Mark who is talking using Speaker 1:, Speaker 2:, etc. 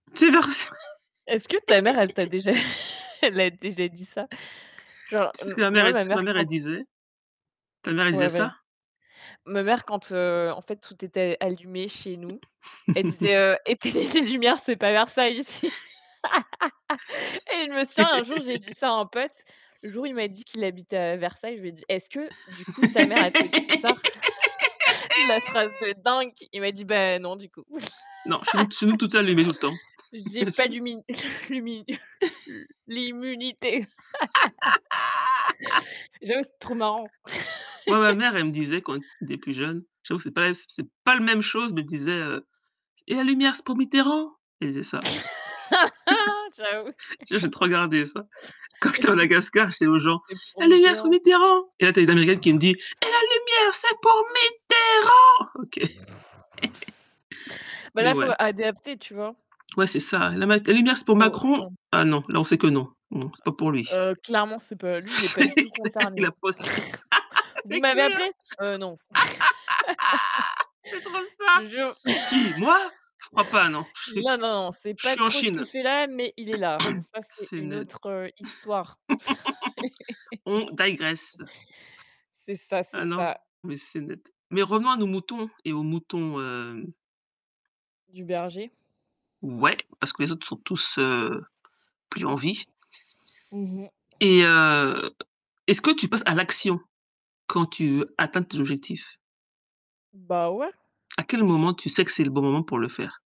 Speaker 1: C'est
Speaker 2: Est-ce que ta mère, elle t'a
Speaker 1: [unintelligible]
Speaker 2: déjà elle a déjà dit ça? Genre,
Speaker 1: Tu sais
Speaker 2: m
Speaker 1: que ma mère
Speaker 2: moi
Speaker 1: elle dit tu sais
Speaker 2: ma
Speaker 1: ce que ma
Speaker 2: mère
Speaker 1: mère elle
Speaker 2: quand
Speaker 1: disait? Ta mère elle disait
Speaker 2: Ouais, vas
Speaker 1: ça?
Speaker 2: ma mère quand, heu, en fait tout était allumé chez nous, elle disait, heu: «Éteignez les lumières, c'est pas Versailles ici!» et je me souviens un jour, j'ai dit ça à un pote, le jour où il m'a dit qu'il habitait à Versailles, je lui ai dit: «Est-ce que du coup ta mère elle te dit ça?» la phrase de dingue, il m'a dit: «Ben, non, du coup».
Speaker 1: Non, chez nous chez nous tout est allumé tout le temps.
Speaker 2: J'ai pas
Speaker 1: [unintelligible]
Speaker 2: d'ummin l'ummin l l'immunité J'avoue, c'est trop marrant.
Speaker 1: Moi, ma mère elle me disait quand on était plus jeune, je trouve c'est pas c c'est pas la même chose, elle me disait, heu: «Et la lumière, c'est pour Mitterrand?» elle disait ça.
Speaker 2: J'avoue!
Speaker 1: Ça, j'ai trop gardé, ça. Quand j'étais à Madagascar, je disais aux gens:
Speaker 2: «C'est pour
Speaker 1: «La lumière c'est pour
Speaker 2: Mitterrand»
Speaker 1: Mitterrand!» et là tu as une américaine qui me dit: «Et la lumière c'est pour Mitterrand!» OK.
Speaker 2: Bah
Speaker 1: Mais
Speaker 2: là, faut
Speaker 1: ouais.
Speaker 2: adapter, tu vois?
Speaker 1: Ouais c'est ça. La mat la lumière c'est pour
Speaker 2: Faut enfin.
Speaker 1: Macron, ah non, là, on sait que non. Non, c'est pas pour lui.
Speaker 2: Heu heu heu, clairement c'est pas lui, il est pas
Speaker 1: C'est
Speaker 2: du tout
Speaker 1: clair! Il
Speaker 2: concerné.
Speaker 1: a [unintelligible]
Speaker 2: «Vous
Speaker 1: c'est
Speaker 2: m'avez
Speaker 1: clair!
Speaker 2: appelé?» «Heu, non».
Speaker 1: C'est trop
Speaker 2: Je te
Speaker 1: ça.
Speaker 2: jure.
Speaker 1: «Qui? Moi? Je crois pas non. Je suis
Speaker 2: Là, non non, on sait
Speaker 1: je
Speaker 2: pas
Speaker 1: suis en
Speaker 2: trop ce
Speaker 1: Chine».
Speaker 2: qu'il fait là, mais il est là. Bon ça, c'est
Speaker 1: C'est
Speaker 2: une autre,
Speaker 1: net.
Speaker 2: heu, histoire.
Speaker 1: On digress.
Speaker 2: C'est ça, c'est
Speaker 1: Ah non,
Speaker 2: ça.
Speaker 1: mais c'est net. Mais revenons à nos moutons et aux moutons, hem
Speaker 2: Du berger?
Speaker 1: Ouais, parce que les autres sont tous, heu, plus en vie
Speaker 2: Mmh mh.
Speaker 1: et heu, est-ce que tu passes à l'action quand tu atteins tes objectifs?
Speaker 2: Bah ouais.
Speaker 1: À quel
Speaker 2: Ch
Speaker 1: moment tu sais que c'est le bon moment pour le faire?